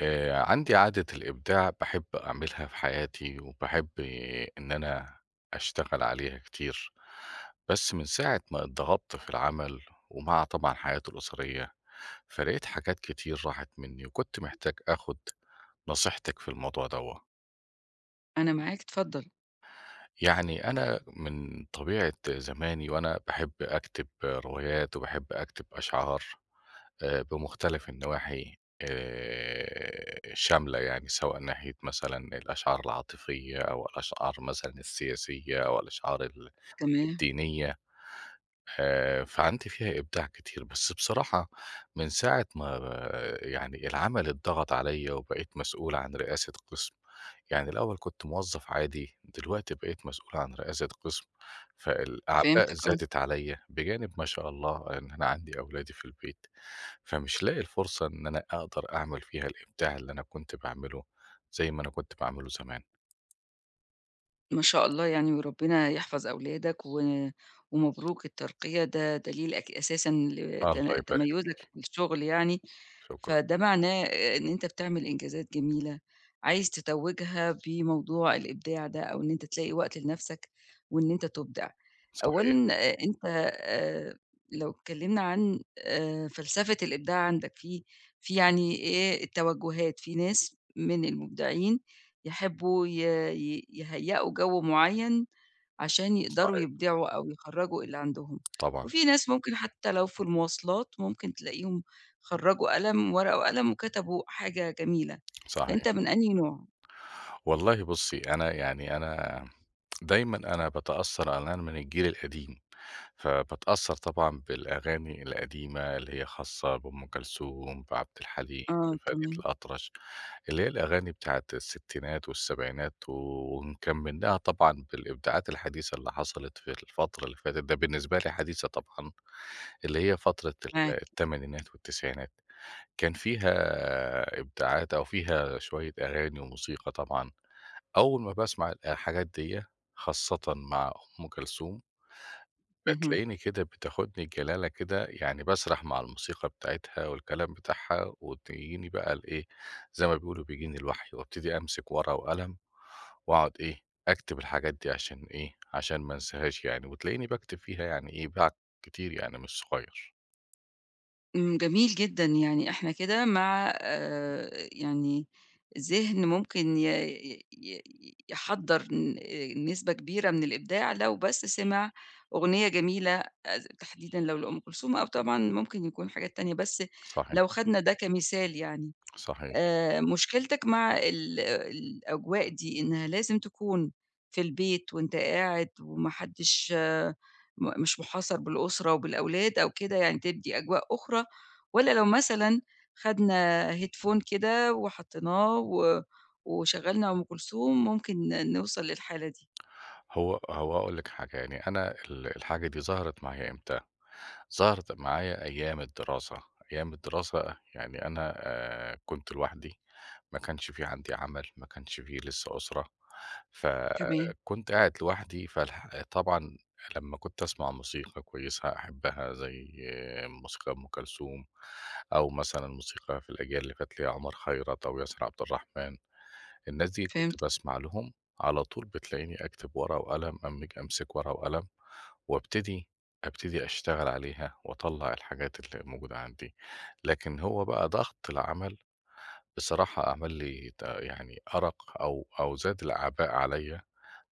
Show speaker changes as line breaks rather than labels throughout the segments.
آآ عندي عادة الإبداع، باحب أعملها في حياتي، وباحب إن أنا أشتغل عليها كتير، بس من ساعة ما اتضغطت في العمل، ومع طبعًا حياتي الأُسرية، فلقيت حاجات كتير راحت منّي، وكنت محتاج آخُد نصيحتِك في الموضوع دوّة.
أنا معاك، اتفضّل.
يعني أنا من طبيعة زماني، وأنا باحب أكتب روايات، وباحب أكتب أشعار آآ بمُختلَف النواحي آآ، شاملة يعني، سواء ناحية مثلًا الأشعار العاطفية أو الأشعار مثلًا السياسية أو الأشعار ال
تمام.
الدينية، آآ فعندي فيها إبداع كتير، بس بصراحة من ساعة ما يعني العمل اتضغَط عليَّ وبقيت مسؤول عن رئاسة قِسم، يعني الأول كنت موظّف عادي، دلوقتي بقيت مسؤول عن رئاسة قِسم، فالأعباء
فهمتك، آه.
زادت عليَّ، بجانب ما شاء الله إن أنا عندي أولادي في البيت، فمش لاقي الفرصة إن أنا أقدَر أعمل فيها الإبداع اللي أنا كنت باعمله، زي ما أنا كنت باعمله زمان.
ما شاء الله يعني وربِّنا يحفظ أولادك و ومبروك الترقية، ده دليل اك أساسًا لت
الله يبارك
تَميُّزك
فيكِ.
في الشُغل يعني،
شكرًا.
فده معناه آآ إن أنت بتعمِل إنجازات جميلة، عايز تتوّجها بموضوع الإبداع ده أو إن أنت تلاقي وقت لنَفْسك وإن أنت تُبدع.
صحيح.
أولًا آآ أنت آآ لو اتكلِّمنا عن آآ فلسفة الإبداع عندك، في في يعني إيه التوجُّهات، في ناس من المبدعين يحبّوا ي ي يهيّئوا جَو معيّن عشان يقدروا
صحيح.
يبدعوا أو يخرّجوا اللي عندهم،
طبعًا.
وفي ناس ممكن حتّى لو في المواصلات، ممكن تلاقيهم خرّجوا قلم ورقة وقلم وكتبوا حاجة جميلة،
صحيح.
فأنت من أنهي نوع؟
والله بُصّي، أنا يعني أنا دايمًا أنا باتأثّر على إن أنا من الجيل القديم، فباتأثّر طبعًا بالأغاني القديمة اللي هي خاصة بأم كلثوم، بعبد الحليم،
آه،
بفريد
تمام.
الأطرش، اللي هي الأغاني بتاعة الستينات والسبعينات ونكمّلناها طبعًا بالإبداعات الحديثة اللي حصلِت في الفترة اللي فاتت، ده بالنسبة لي حديثة طبعًا، اللي هي فترة ال
معاك.
التمانينات والتسعينات. كان فيها إبداعات أو فيها شوية أغاني وموسيقى طبعًا. أول ما باسمع ال الحاجات ديّة خاصةً مع أم كلثوم،
اهم.
بتلاقيني كده بتاخُدني الجلالة كده، يعني باسرَح مع الموسيقى بتاعتها والكلام بتاعها وتجيني بقى الإيه، زي ما بيقولوا بيجيني الوحي وابتدي أمسك ورقة وقلم، وأقعُد إيه، أكتب الحاجات دي عشان إيه، عشان ما أنساهاش يعني وتلاقيني باكتب فيها يعني إيه، بع كتير يعني مش صغير.
امم جميل جدًا يعني إحنا كده مع آآ يعني ذهن ممكن ي ي ي يحضّر ن آآ نسبة كبيرة من الإبداع، لو بس سمع أغنية جميلة آآ تحديدًا لو لأُم كلثوم أو طبعًا ممكن يكون حاجات تانية، بس
صحيح.
لو خدنا ده كمثال يعني،
صحيح.
آآ مشكلتك مع ال الأجواء دي إنها لازم تكون في البيت وأنت قاعد وما حدش م مش محاصر بالأسرة وبالأولاد أو كده يعني تدي أجواء أخرى، والّا لو مثلًا خدنا Headphone كده وحطّيناه و وشغّلنا أم كلثوم ممكن نوصل للحالة دي؟
هو هو أقول لِك حاجة يعني أنا ال الحاجة دي ظهرت معايا إمتى ظهرت معايا أيام الدراسة أيام الدراسة يعني أنا آآ كنت لوحدي ما كانش فيه عندي عمل ما كانش فيه لسه أسرة،
تمام.
فكنت قاعد لوحدي فالح طبعًا لمّا كنت أسمع موسيقى كويسة أحبّها زي موسيقى أُم كلثوم أو مثلًا موسيقى في الأجيال اللي فاتت لعُمر خيرات أو ياسر عبد الرحمن، الناس دي كنت
فهمت.
باسمع لهم على طول بتلاقيني أكتب ورقة وقلم أمج أمسك ورقة وقلم وأبتدي أبتدي أشتغل عليها وأطلّع الحاجات اللي موجودة عندي، لكن هو بقى ضغط العمل بصراحة عمل لي ت يعني أرق أو أو زاد الأعباء عليّا،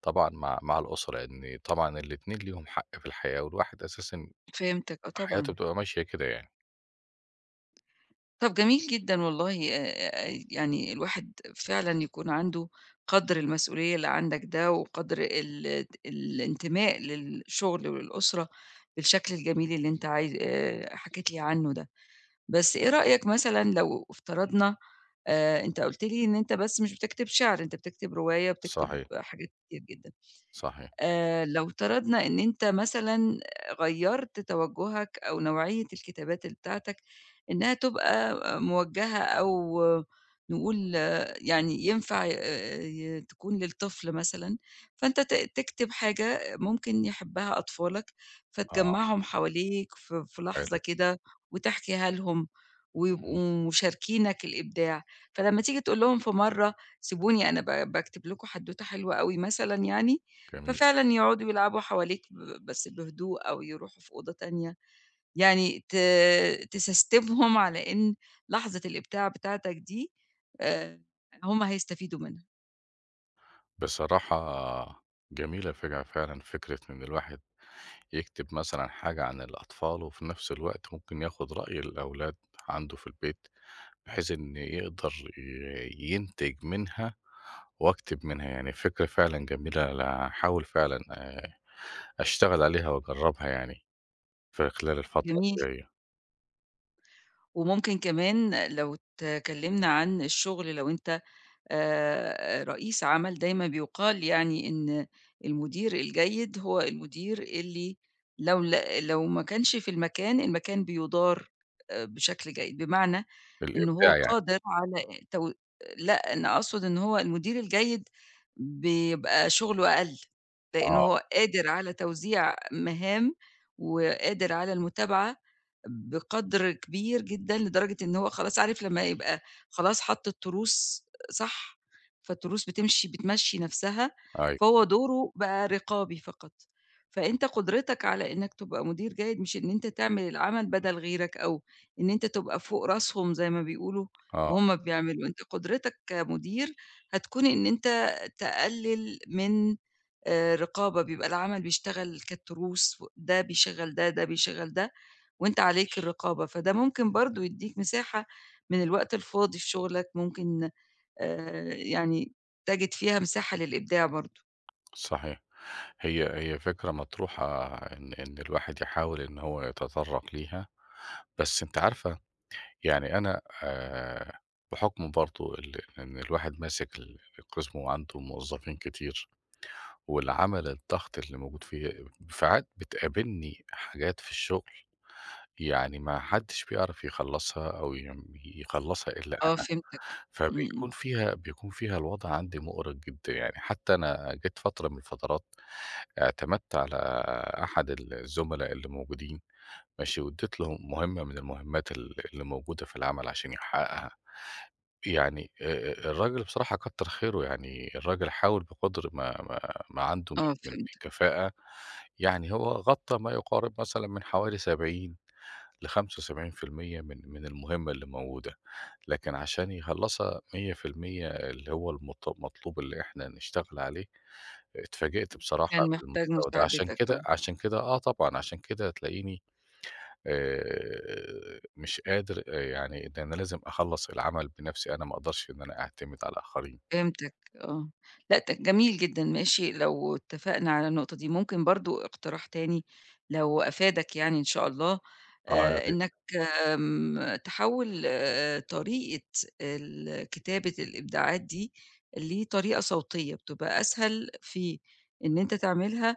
طبعًا مع مع الأسرة لأن طبعًا الاتنين ليهم حق في الحياة والواحد أساسًا
فهمتك آه
حياته
طبعًا.
بتبقى ماشية كده يعني.
طَب جميل جدًا والله آآ يعني الواحد فعلًا يكون عنده قَدْر المسئولية اللي عندك ده وقَدْر ال ال الإنتماء للشغل وللأسرة بالشكل الجميل اللي أنت عايز آآ حكيت لي عنه ده. بس إيه رأيك مثلًا لو افترضنا آآ أنت قُلت لي إن أنت بس مش بتكتب شِعر، أنت بتكتب رواية وبتكتب
صحيح.
حاجات كتير جدًا.
صحيح.
آآ لو افترضنا إن أنت مثلًا غيَّرت توجهك أو نوعية الكتابات بتاعتك إنها تبقى موجهة أو نقول يعني ينفع آآ ي تكون للطفل مثلًا، فأنت ت تكتب حاجة ممكن يحبها أطفالك،
آه.
فتجمّعهم حواليك ف في لحظة
حلو.
كده وتحكيها لهم
إمم.
ويبقوا مشاركينك الإبداع، فلما تيجي تقول لهم في مَرة سيبوني أنا ب باكتب لكم حدوتة حلوة أوي مثلًا يعني،
جميل.
ففعلًا يقعدوا يلعبوا حواليك ب بس بهدوء أو يروحوا في أوضة تانية، يعني ت تسستمهم على إن لحظة الإبداع بتاعتك دي آآ هُم هيستفيدوا منها.
بصراحة، جميلة فج فعلًا فكرة إن الواحد، يكتِب مثلًا حاجة عن الأطفال وفي نَفْس الوقت ممكن ياخد رأي الأولاد عنده في البيت، بحيث إن يقدَر ي ينتِج منها، وأكتب منها يعني فكرة فعلًا جميلة، أنا هاحاول فعلًا آآ، أشتغل عليها وأجرّبها يعني، في خلال الفترة
جميل.
اللي جايّة.
وممكن كمان لو اتكلّمنا عن الشغل لو أنت، آآ رئيس عمل دايمًا بيُقال يعني إن المدير الجيد هو المدير اللي لو ل لو ما كانش في المكان، المكان بيُدار آآ بشكل جيد، بمعنى
في
إن هو
الإبداع يعني.
قادر على تو آآ لأ، أنا أقصُد إن هو المدير الجيد، بيبقى شُغله أقَل، لأن
آه.
هو قادر على توزيع مهام، وقادر على المتابعة، بقدْر كبير جدًا لدرجة إن هو خلاص عارف لمّا يبقى، خلاص حَط التروس، صح، فالتروس بتمشِي بتمشّي نَفْسها،
أيوه.
فهو دوره بقى رقابي فقط، فأنت قُدرتك على إنّك تبقى مدير جيد مش إن أنت تعمل العمل بدَل غيرك أو إن أنت تبقى فوق راسهم زي ما بيقولوا،
آه.
وهُم بيعملوا، أنت قدرَتك كمدير، هتكون إن أنت تقلّل من آآ رقابة بيبقى العمل بيشتغل كالتروس، و ده بيشغّل ده، ده بيشغّل ده، وأنت عليك الرقابة، فده ممكن برضه يدّيك مساحة، من الوقت الفاضي في شُغلك، ممكن آآ يعني تجِد فيها مساحة للإبداع برضه.
صحيح. هي هي فكرة مطروحة إن إن الواحد يحاول إن هو يتطرق ليها. بس أنتِ عارفة، يعني أنا آآ بحُكم برضه ال إن الواحد ماسك ال القسم وعنده موظفين كتير، والعمل الضغط اللي موجود فيه، ساعات بتقابلني حاجات في الشغل، يعني ما حدش بيعرَف يخلصها أو يم يخلّصها إلا
آه،
أنا.
فِهِمتك إمم
فبيكون
إمم
فيها بيكون فيها الوضع عندي مؤرق جدًا يعني حتى أنا جيت فترة من الفترات اعتمدت على أحد ال الزملا اللي موجودين، ماشي؟ واديت له مهمة من المهمات ال اللي موجودة في العمل عشان يحققها. يعني آآ الراجل بصراحة كتّر خيره يعني، الراجل حاول بقَدْر ما ما ما عنده من
آه
من
فِهِمتك.
كفاءة يعني هو غطى ما يقارب مثلًا من حوالي 70 ل75% من من المهمة اللي موجودة. لكن عشان يخلّصها 100% اللي هو المط المطلوب اللي إحنا هنشتغل عليه، اتفاجئت بصراحة
كان محتاج
بالمستوى ده. عشان
مساعدتك آه.
كده عشان كده، آه طبعًا، عشان كده تلاقيني آآ مش قادر آآ يعني ده أنا لازم أخلص العمل بنَفْسي، أنا ما أقدرش إن أنا أعتمد على الآخرين.
فِهِمتك آه لأ ت جميل جدًا، ماشي لو اتفقنا على النقطة دي، ممكن برضه إقتراح تاني لو أفادك يعني إن شاء الله
آه يا
آآ
ريت.
إنك م تحوِّل آآ طريقة ال كتابة الإبداعات دي لطريقة صوتية، بتبقى أسهل في إن أنت تعملها،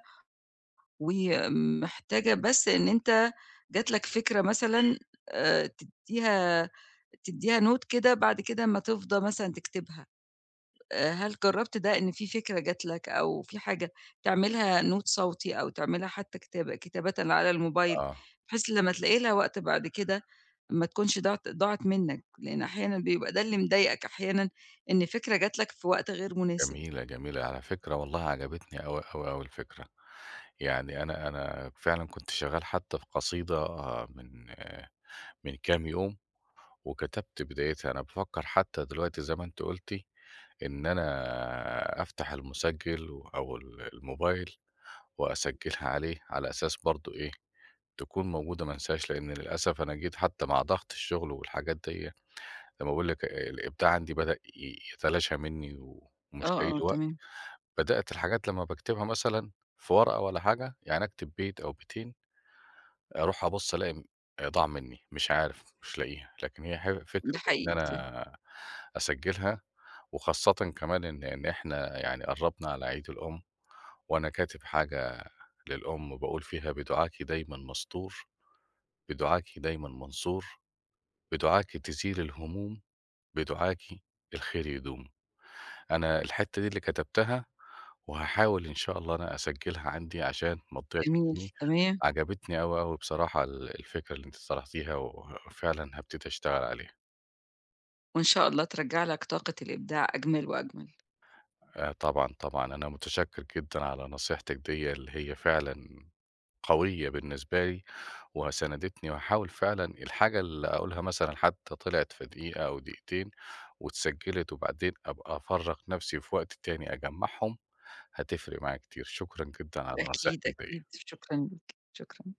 ومحتاجة بس إن أنت جات لك فكرة مثلًا آآ تديها تديها note كده بعد كده أما تفضى مثلًا تكتبها آآ، هل جرّبت ده إن في فكرة جات لك أو في حاجة تعملها note صوتي أو تعملها حتى كتابة كتابةً على الmobile،
آه.
بحيث لما تلاقي لها وقت بعد كده ما تكونش ضاعِت ضاعِت منك لأن أحيانًا بيبقى ده اللي مضايقك أحيانًا إن الفكرة جات لك في وقت غير مناسب.
جميلة، جميلة. على فكرة والله عجبتني أوي أوي أوي الفكرة. يعني أنا أنا فعلًا كنت شغال حتى القصيدة من من كام يوم، وكتبت بدايتها. أنا بافكّر حتى دلوقتي زي ما أنتِ قُلتِ إن أنا أفتح المُسجِّل أو ال الموبايل وأسجلها عليه، على أساس برضه إيه، تكون موجودة ما أنساهاش، لإن للأسف أنا جيت حتى مع ضغط الشغل والحاجات ديّه، لما باقول لِك آآ الإبداع عندي بدأ ي يتلاشى مني و ومش
آه
لاقي
آه
له وقت.
تمام.
بدأت الحاجات لما باكتبها مثلًا في ورقة ولا حاجة، يعني أكتب بيت أو بيتين، أروح أبُص ألاقي م آآ ضاع مني، مش عارف، مش لاقيها. لكن هي حل فكرة
ده
إن
حقيقي. [unintelligible]
أنا أسجّلها، وخاصةً كمان إن إن إحنا يعني قرّبنا على عيد الأم، وأنا كاتب حاجة للأم باقول فيها بدُعاكِ دايما مستور، بدُعاكِ دايما منصور، بدُعاكِ تزيل الهموم، بدُعاكِ الخير يدوم. أنا الحتّة دي اللي كتبتها، وهاحاول إن شاء الله أنا أسجّلها عندي عشان ما تضيعش
جميل،
مني.
تمام.
عجبتني أوي، أوي بصراحة ال الفكرة اللي أنتِ طرحتيها، وفعلاً هابتدي أشتغل عليها.
وإن شاء الله ترجّع لك طاقة الإبداع أجمل وأجمل.
آآ طبعًا، طبعًا أنا متشكر جدًا على نصيحتِك ديّه اللي هي فعلًا قوية بالنسبة لي وسندتني، وهاحاول فعلًا الحاجة اللي أقولها مثلًا حتى طِلعِت في دقيقة أو دقيقتين واتسجلت، وبعدين أبقى أفرّغ نَفْسي وفي وقت تاني أجمّعهم، هتفرِق معايا كتير. شكرًا جدًا على
أكيد،
نصيحتِك ديّه.
أكيد، شكرًا ليك، شكرًا.